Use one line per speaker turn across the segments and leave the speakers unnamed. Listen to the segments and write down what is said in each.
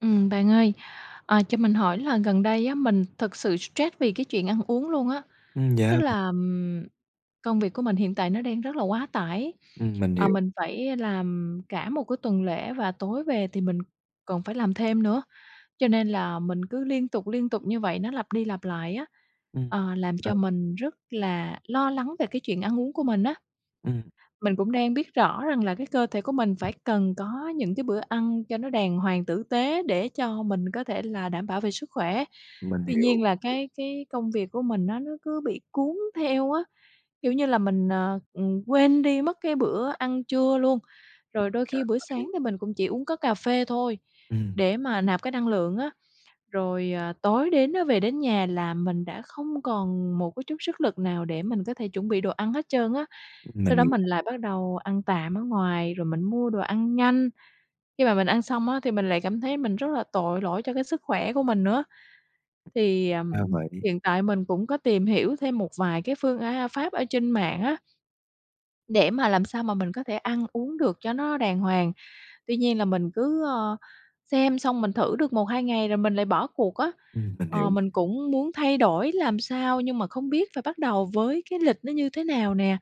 Ừm, bạn ơi, ờ, cho mình hỏi là gần đây á, mình thực sự stress vì cái chuyện ăn uống luôn á.
Ừm,
Tức
yeah.
là, ừm, công việc của mình hiện tại nó đang rất là quá tải,
Ừm, mình
ờ,
hiểu.
mình phải làm cả một cái tuần lễ, và tối về thì mình còn phải làm thêm nữa, cho nên là mình cứ liên tục, liên tục như vậy, nó lặp đi lặp lại á,
Ừm,
ờ, làm
ừ.
cho mình rất là lo lắng về cái chuyện ăn uống của mình á.
Ừm.
Mình cũng đang biết rõ rằng là cái cơ thể của mình phải cần có những cái bữa ăn cho nó đàng hoàng, tử tế để cho mình có thể là đảm bảo về sức khỏe.
Mình
Tuy
hiểu.
nhiên là cái cái công việc của mình á, nó cứ bị cuốn theo á, kiểu như là mình, ờ, ừ, quên đi mất cái bữa ăn trưa luôn. Rồi đôi
Ra
khi bữa sáng
vậy.
thì mình cũng chỉ uống có cà phê thôi,
Ừm.
để mà nạp cái năng lượng á. Rồi, ờ, tối đến á, về đến nhà là mình đã không còn một cái chút sức lực nào để mình có thể chuẩn bị đồ ăn hết trơn á.
Mình
Sau đó
hiểu.
mình lại bắt đầu ăn tạm ở ngoài, rồi mình mua đồ ăn nhanh, khi mà mình ăn xong á, thì mình lại cảm thấy mình rất là tội lỗi cho cái sức khỏe của mình nữa. Thì,
Ra
ờm,
vậy.
hiện tại mình cũng có tìm hiểu thêm một vài cái phương, a pháp ở trên mạng á để mà làm sao mà mình có thể ăn uống được cho nó đàng hoàng. Tuy nhiên là mình cứ, ờ, xem xong, mình thử được 1, 2 ngày rồi mình lại bỏ cuộc á.
Ừm, mình
Ờ,
hiểu.
mình cũng muốn thay đổi làm sao, nhưng mà không biết phải bắt đầu với cái lịch nó như thế nào nè,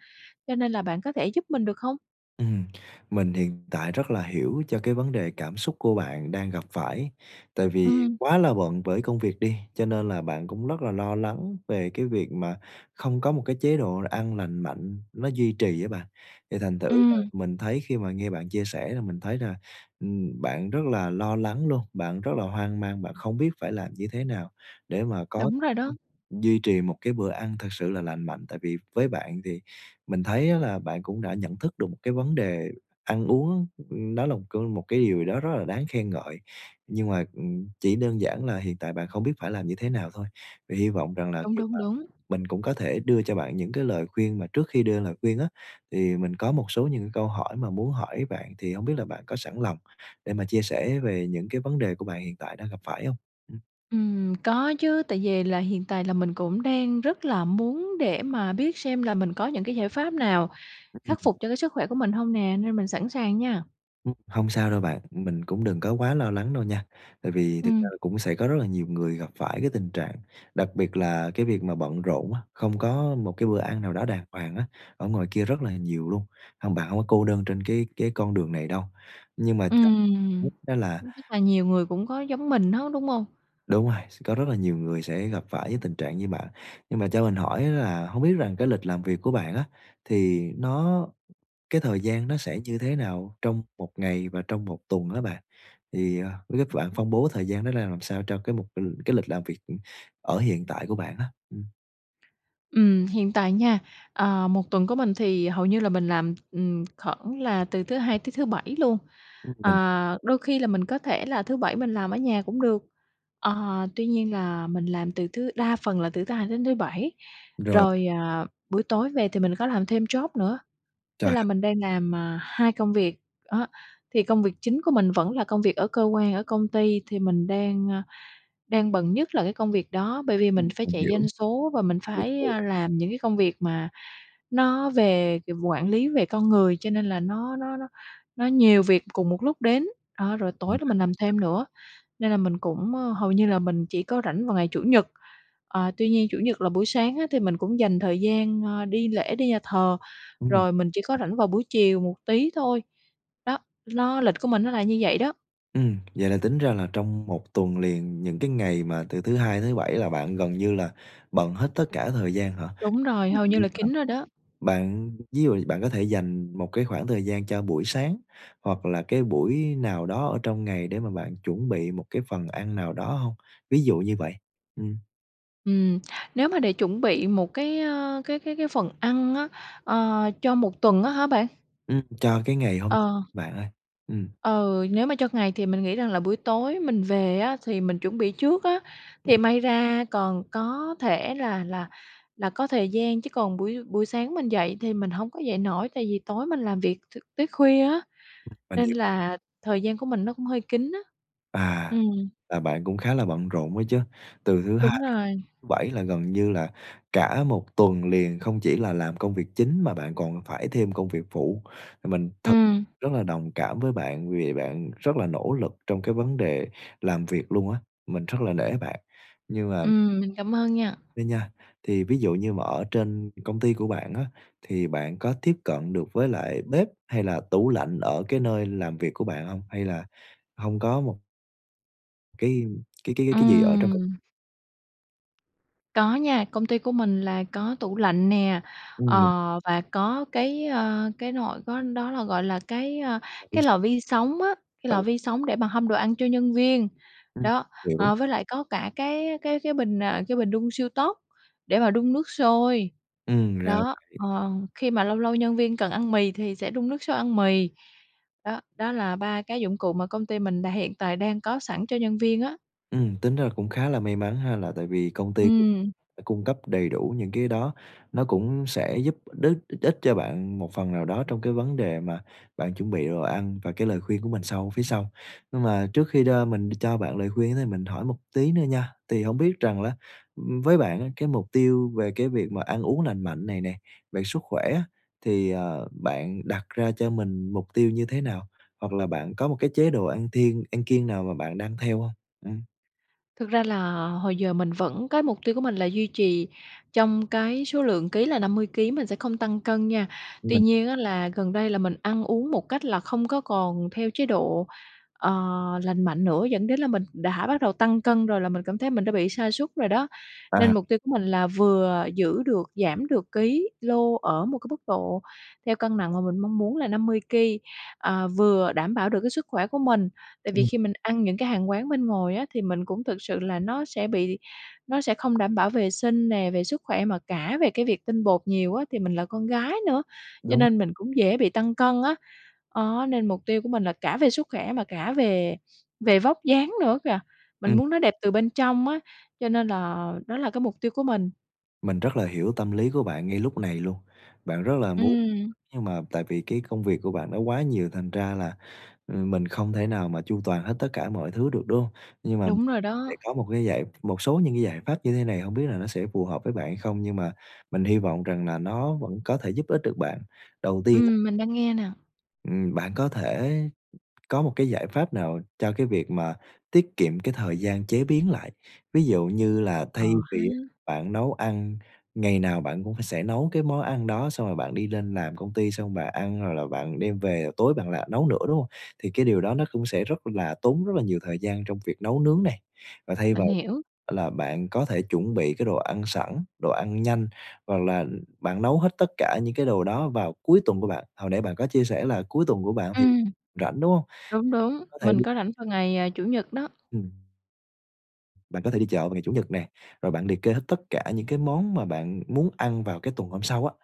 cho nên là bạn có thể giúp mình được không?
Ừm, mình hiện tại rất là hiểu cho cái vấn đề cảm xúc của bạn đang gặp phải. Tại vì
Ừm.
quá là bận với công việc đi, cho nên là bạn cũng rất là lo lắng về cái việc mà không có một cái chế độ ăn lành mạnh nó duy trì á bạn. Thì thành thử ra
Ừm.
mình thấy khi mà nghe bạn chia sẻ là mình thấy là, ừm, bạn rất là lo lắng luôn, bạn rất là hoang mang, bạn không biết phải làm như thế nào để mà có
Đúng rồi đó.
[unintelligible] duy trì một cái bữa ăn thật sự là lành mạnh. Tại vì với bạn thì mình thấy á là bạn cũng đã nhận thức được một cái vấn đề ăn uống, ơ, nó là một cơ một cái điều gì đó rất là đáng khen ngợi, nhưng mà, ừm, chỉ đơn giản là hiện tại bạn không biết phải làm như thế nào thôi. Vậy hy vọng rằng là
Đúng,
khi
đúng,
mà
đúng.
mình cũng có thể đưa cho bạn những cái lời khuyên, mà trước khi đưa lời khuyên á thì mình có một số những cái câu hỏi mà muốn hỏi bạn, thì hông biết là bạn có sẵn lòng để mà chia sẻ về những cái vấn đề của bạn hiện tại đang gặp phải hông? Ừm.
Ừm, có chứ, tại vì là hiện tại là mình cũng đang rất là muốn để mà biết xem là mình có những cái giải pháp nào khắc
Ừm.
phục cho cái sức khỏe của mình hông nè, nên mình sẵn sàng nha.
Ừm, hông sao đâu bạn, mình cũng đừng có quá lo lắng đâu nha, tại vì thực ra
Ừm.
là cũng sẽ có rất là nhiều người gặp phải cái tình trạng đặc biệt là cái việc mà bận rộn á, không có một cái bữa ăn nào đó đàng hoàng á, ở ngoài kia rất là nhiều luôn. Hông, bạn hông có cô đơn trên cái cái con đường này đâu, nhưng mà cho
Ừm,
[unintelligible] đó là
cũng rât là nhiều người cũng có giống mình hết, đúng hông
Đúng rồi, s có rất là nhiều người sẽ gặp phải cái tình trạng như bạn, nhưng mà cho mình hỏi á là hông biết rằng cái lịch làm việc của bạn á, thì nó cái thời gian nó sẽ như thế nào trong một ngày và trong một tuần hả bạn? Thì, ờ, biết bạn phân bố thời gian nó ra làm sao cho cái mục ừm, cái lịch làm việc, ừm, ở hiện tại của bạn á? Ừm.
Ừm, hiện tại nha, ờ, một tuần của mình thì hầu như là mình làm, ừm, khoảng là từ thứ Hai tới thứ Bảy luôn.
[unintelligible] Mình
Ờ, đôi khi là mình có thể là thứ Bảy mình làm ở nhà cũng được, ờ, tuy nhiên là mình làm từ thứ đa phần là từ thứ Hai đến thứ Bảy,
Rồi.
rồi, à, buổi tối về thì mình có làm thêm job nữa, tức
Trời
là
đ
mình đang làm, ờ, 2 công việc, đó. Thì công việc chính của mình vẫn là công việc ở cơ quan, ở công ty, thì mình đang, ơ, đang bận nhất là cái công việc đó, bởi vì
Ừm,
mình phải
mình
chạy
hiểu,
doanh số và mình
mình
phải,
hiểu.
à, làm những cái công việc mà nó về quản lý về con người, cho nên là nó nó nó nó nhiều việc cùng một lúc đến. A, rồi tối đó mình làm
[unintelligible]
thêm nữa, nên là mình cũng, ơ hầu như là mình chỉ có rảnh vào ngày Chủ nhật, ờ, tuy nhiên Chủ nhật là buổi sáng á thì mình cũng dành thời gian, ơ, đi lễ, đi nhà thờ,
Ừm.
rồi mình chỉ có rảnh vào buổi chiều một tí thôi. Đó, nó lịch của mình nó là như vậy đó.
Ừm, vậy là tính ra là trong 1 tuần liền, những cái ngày mà từ thứ Hai tới thứ Bảy là bạn gần như là bận hết tất cả thời gian hả?
Đúng rồi, hầu như là kín rồi đó.
[unintelligible] Bạn ví dụ bạn có thể dành một cái khoảng thời gian cho buổi sáng hoặc là cái buổi nào đó ở trong ngày để mà bạn chuẩn bị một cái phần ăn nào đó hông? Ví dụ như vậy, ừm.
Ừm. Nếu mà để chuẩn bị một cái, ơ, cái cái cái phần ăn á, ờ, cho 1 tuần á hả bạn?
Ừm, cho cái ngày hôm
Ờ.
bạn ơi, ừm.
Ừ, nếu mà cho ngày thì mình nghĩ rằng là buổi tối mình về á thì mình chuẩn bị trước á,
Ừm.
thì may ra còn có thể là là là có thời gian. Chứ còn buổi buổi sáng mình dậy thì mình hổng có dậy nổi, tại vì tối mình làm việc t tới khuya á
Ừm. Mình
nên
hiểu.
là thời gian của mình nó cũng hơi kín á.
À,
Ừm.
là bạn cũng khá là bận rộn đó chứ, từ thứ
Đúng
Hai,
rồi.
thứ Bảy là gần như là cả 1 tuần liền không chỉ là làm công việc chính mà bạn còn phải thêm công việc phụ, mình thật
Ừm.
rất là đồng cảm với bạn, vì bạn rất là nỗ lực trong cái vấn đề làm việc luôn á. Mình rất là nể bạn, nhưng mà
Ừm, mình cảm ơn nha.
á nha, thì ví dụ như mà ở trên công ty của bạn á, thì bạn có tiếp cận được với lại bếp hay là tủ lạnh ở cái nơi làm việc của bạn hông? Hay là hông có một Cái cái cái cái gì ở trong công
Ừm. Có nha, công ty của mình là có tủ lạnh nè, ờ,
Ừm.
và có cái, ơ, cái nồi có đó là, gọi là, cái, ơ,
Lò vi
cái
sóng.
lò vi sóng á, cái
Ừ.
lò vi sóng để mà hâm đồ ăn cho nhân viên,
Ừm,
đó.
hiểu.
Ờ, với lại có cả cái cái cái bình, ờ, cái bình đun siêu tốc để mà đun nước sôi.
Ừm, ra
Đó,
vậy.
ờ, khi mà lâu lâu nhân viên cần ăn mì thì sẽ đun nước sôi ăn mì. Đó, đó là 3 cái dụng cụ mà công ty mình đã hiện tại đang có sẵn cho nhân viên á.
Ừm, tính ra cũng khá là may mắn ha là tại vì công ty [unintelligible]
Ừm.
ờ, cung cấp đầy đủ những cái đó. Nó cũng sẽ giúp đích ích cho bạn một phần nào đó trong cái vấn đề mà bạn chuẩn bị đồ ăn và cái lời khuyên của mình sau phía sau. Mà trước khi đo mình cho bạn lời khuyên mình ấy, hỏi một tí nữa nha, thì hông biết rằng lá, ừm, với bạn á cái mục tiêu về cái việc mà ăn uống lành mạnh này nè, về sức khỏe á thì, ờ, bạn đặt ra cho mình mục tiêu như thế nào? Hoặc là bạn có một cái chế độ ăn thiêng ăn kiêng nào mà bạn đang theo hông? Ừm.
Thực ra là hồi giờ mình vẫn cái mục tiêu của mình là duy trì trong cái số lượng ký là 50 ký, mình sẽ không tăng cân nha. Tuy
Mình
nhiên á là gần đây là mình ăn uống một cách là không có còn theo chế độ, ờ, lành mạnh nữa, dẫn đến là mình đã bắt đầu tăng cân rồi, là mình cảm thấy mình đã bị sa sút rồi đó.
À.
Nên mục tiêu của mình là vừa giữ được giảm được ký lô ở một cái mức độ theo cân nặng mà mình mong muốn là 50 ky, ờ, vừa đảm bảo được cái sức khỏe của mình. Tại vì
Ừm.
khi mình ăn những cái hàng quán bên ngoài á thì mình cũng thực sự là nó sẽ bị nó sẽ không đảm bảo vệ sinh nè, về sức khỏe mà cả về cái việc tinh bột nhiều á. Thì mình là con gái nữa, cho
Đúng rồi.
nên mình cũng dễ bị tăng cân á. Đó, nên mục tiêu của mình là cả về sức khỏe mà cả về về vóc dáng nữa kìa, mình
Ừm.
muốn nó đẹp từ bên trong á. Cho nên là đó là cái mục tiêu của mình.
Mình rất là hiểu tâm lý của bạn ngay lúc này luôn. Bạn rất là muốn,
Ừm.
nhưng mà tại vì cái công việc của bạn nó quá nhiều thành ra là, ờ, mình không thể nào mà chu toàn hết tất cả mọi thứ được, đúng hông? Nhưng mà
Đúng rồi
sẽ
đó.
có một cái giải một số những cái giải pháp như thế này, hông biết là nó sẽ phù hợp với bạn hay không? Nhưng mà mình hy vọng rằng là nó vẫn có thể giúp ích được bạn. Đầu tiên á
Ừm, mình đang nghe nè.
Ừm, bạn có thể có một cái giải pháp nào cho cái việc mà tiết kiệm cái thời gian chế biến lại. Ví dụ như là
Ờ
thay
ha!
vì á bạn nấu ăn, ngày nào bạn cũng sẽ nấu cái món ăn đó, xong rồi bạn đi lên làm công ty, xong bạn ăn rồi là bạn đem về, tối bạn lại nấu nữa, đúng hông? Thì cái điều đó nó cũng sẽ rất là tốn rất là nhiều thời gian trong việc nấu nướng này. Và thay
Mình
vào
hiểu.
là bạn có thể chuẩn bị cái đồ ăn sẵn, đồ ăn nhanh, hoặc là bạn nấu hết tất cả những cái đồ đó vào cuối tuần của bạn, hồi nãy bạn có chia sẻ là cuối tuần của bạn thì
Ừm.
rảnh, đúng hông?
Đúng, đúng,
Có thể
mình
đi
có rảnh vào ngày, à, Chủ nhật đó.
Ừm. Bạn có thể đi chợ vào ngày Chủ nhật nè, rồi bạn liệt kê hết tất cả những cái món mà bạn muốn ăn vào cái tuần hôm sau á,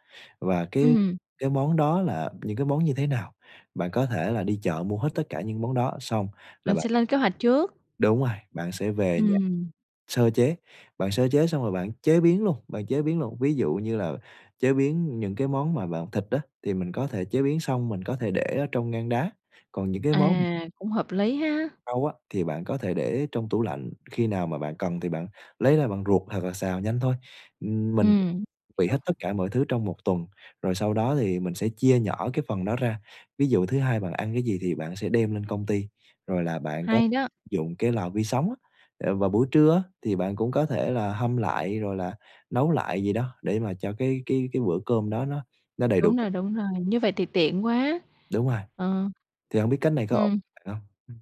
và cái
Ừm.
cái món đó là những cái món như thế nào. Bạn có thể là đi chợ mua hết tất cả những món đó, xong là
Mình
bạn
sẽ lên kế hoạch trước.
Đúng rồi, bạn sẽ về nhà
Ừm.
sơ chế, bạn sơ chế xong rồi bạn chế biến luôn, bạn chế biến luôn. Ví dụ như là chế biến những cái món mà bạn thịt á, thì mình có thể chế biến xong, mình có thể để ở trong ngăn đá, còn những cái món
À, cũng hợp lý ha!
rau á thì bạn có thể để ở trong tủ lạnh, khi nào mà bạn cần thì bạn lấy ra bạn luộc hoặc là xào nhanh thôi. Ừm, mình [unintelligible]
Ừm,
bị
hiểu.
hết tất cả mọi thứ trong một tuần, rồi sau đó thì mình sẽ chia nhỏ cái phần đó ra. Ví dụ thứ Hai bạn ăn cái gì thì bạn sẽ đem lên công ty, rồi là bạn có
Hay đó!
dụng cái lò vi sóng á, ờ, vào buổi trưa á thì bạn cũng có thể là hâm lại, rồi là nấu lại gì đó để mà cho cái cái cái bữa cơm đó nó nó đầy đủ
Đúng
chất.
rồi, đúng rồi, như vậy thì tiện quá!
Đúng rồi.
Ờ.
Thì hông biết cách này có ổn
Ừm.
bạn hông? Ừm.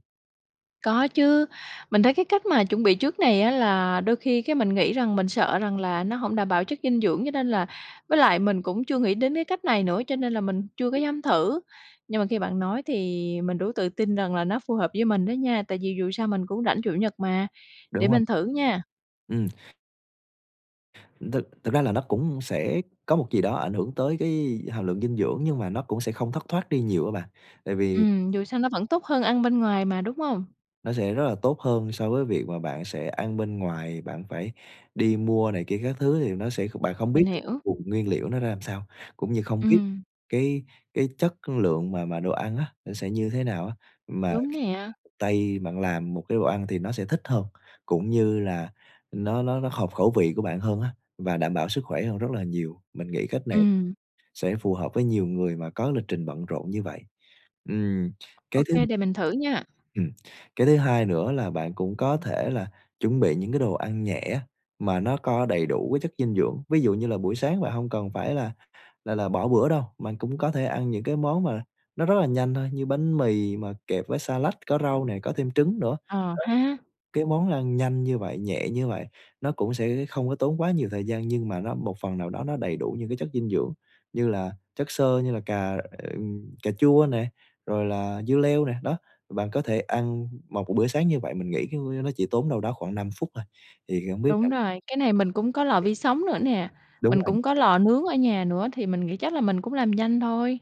Có chứ, mình thấy cái cách mà chuẩn bị trước này á là đôi khi cái mình nghĩ rằng mình sợ rằng là nó hổng đảm bảo chất dinh dưỡng, cho nên là với lại mình cũng chưa nghĩ đến cái cách này nữa cho nên là mình chưa có dám thử, nhưng mà khi bạn nói thì mình đủ tự tin rằng là nó phù hợp với mình đó nha, tại vì dù sao mình cũng rảnh Chủ nhật mà, để
Đúng rồi.
mình thử nha.
Ừm. Thực thực ra là nó cũng sẽ có một gì đó ảnh hưởng tới cái hàm lượng dinh dưỡng, nhưng mà nó cũng sẽ không thất thoát đi nhiều á bạn, tại vì
Ừm, dù sao nó vẫn tốt hơn ăn bên ngoài mà, đúng hông?
nó sẽ rất là tốt hơn so với việc mà bạn sẽ ăn bên ngoài, bạn phải đi mua này kia các thứ thì nó sẽ bạn không biết
Mình
được cái
hiểu.
vùng nguyên liệu nó ra làm sao, cũng như không biết
Ừm.
cái cái chất lượng mà mà đồ ăn á, nó sẽ như thế nào á, mà
Đúng nè.
tay bạn làm một cái đồ ăn thì nó sẽ thích hơn, cũng như là nó nó nó hợp khẩu vị của bạn hơn á và đảm bảo sức khỏe hơn rất là nhiều, mình nghĩ cách này
Ừm.
sẽ phù hợp với nhiều người mà có lịch trình bận rộn như vậy. Ừm, cái
Ok,
thứ
để mình thử nha.
ừm, cái thứ hai nữa là bạn cũng có thể là chuẩn bị những cái đồ ăn nhẹ á, mà nó có đầy đủ cái chất dinh dưỡng, ví dụ như là buổi sáng bạn hông cần phải là là là bỏ bữa đâu, bạn cũng có thể ăn những cái món mà nó rất là nhanh thôi, như bánh mì mà kẹp với xa lách, có rau nè, có thêm trứng nữa.
Ờ ha!
Cái món ăn nhanh như vậy, nhẹ như vậy, nó cũng sẽ không có tốn quá nhiều thời gian nhưng mà nó một phần nào đó nó đầy đủ những cái chất dinh dưỡng, như là chất xơ, như là cà, ờ, ừm, cà chua nè, rồi là dưa leo nè. Đó, bạn có thể ăn một b bữa sáng như vậy mình nghĩ, c ư, nó chỉ tốn đâu đó khoảng 5 phút thôi. Thì, a, hông biết là
Đúng rồi, cái này mình cũng có lò vi sóng nữa nè,
Đúng
mình
rồi.
cũng có lò nướng ở nhà nữa thì mình nghĩ chắc là mình cũng làm nhanh thôi.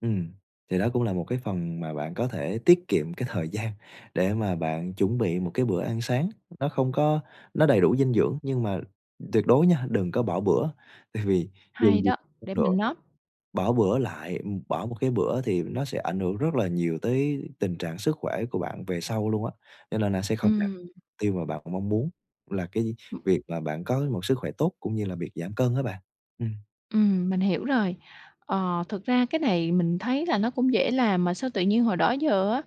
Ừm, thì đó cũng là một cái phần mà bạn có thể tiết kiệm cái thời gian để mà bạn chuẩn bị một cái bữa ăn sáng, nó không có nó đầy đủ dinh dưỡng nhưng mà tuyệt đối nha, đừng có bỏ bữa, tại vì dù
Hay
gì
đó,
[unintelligible]
để
nữa
mình
thì
note.
bỏ bữa lại bỏ một cái bữa thì nó sẽ ảnh hưởng rất là nhiều tới tình trạng sức khỏe của bạn về sau luôn á, cho nên là sẽ không đạt
Ừm.
tiêu mà bạn mong muốn là cái việc mà bạn có một sức khỏe tốt cũng như là việc giảm cân á bạn. Ừm.
Ừm, mình hiểu rồi. Ờ, thực ra cái này mình thấy là nó cũng dễ làm mà sao tự nhiên hồi đó giờ á,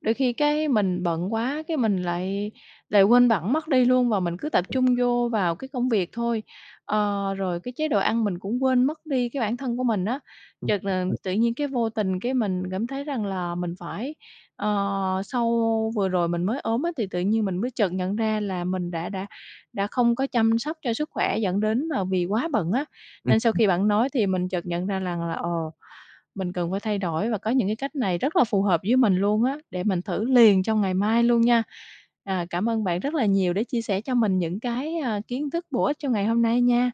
đôi khi cái mình bận quá cái mình lại lại quên bẵng mất đi luôn và mình cứ tập trung vô vào cái công việc thôi. Ờ, rồi cái chế độ ăn mình cũng quên mất đi cái bản thân của mình á, chợt là
[unintelligible]
tự nhiên cái vô tình cái mình cảm thấy rằng là mình phải ờ, sau vừa rồi mình mới ốm á thì tự nhiên mình mới chợt nhận ra là mình đã đã đã không có chăm sóc cho sức khỏe dẫn đến mà vì quá bận á. Nên sau
[unintelligible]
khi bạn nói thì mình chợt nhận ra rằng là, ồ, mình cần phải thay đổi và có những cái cách này rất là phù hợp với mình luôn á, để mình thử liền trong ngày mai luôn nha. Ờ, cảm ơn bạn rất là nhiều đã chia sẻ cho mình những cái, à, kiến thức bổ ích trong ngày hôm nay nha.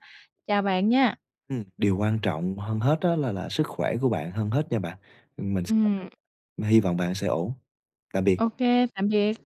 Chào bạn nha.
Ừm, điều quan trọng hơn hết á là là sức khỏe của bạn hơn hết nha bạn, mình sẽ ở
Ừm.
đây, hy vọng bạn sẽ ổn. Tạm biệt.
Ô kê, tạm biệt.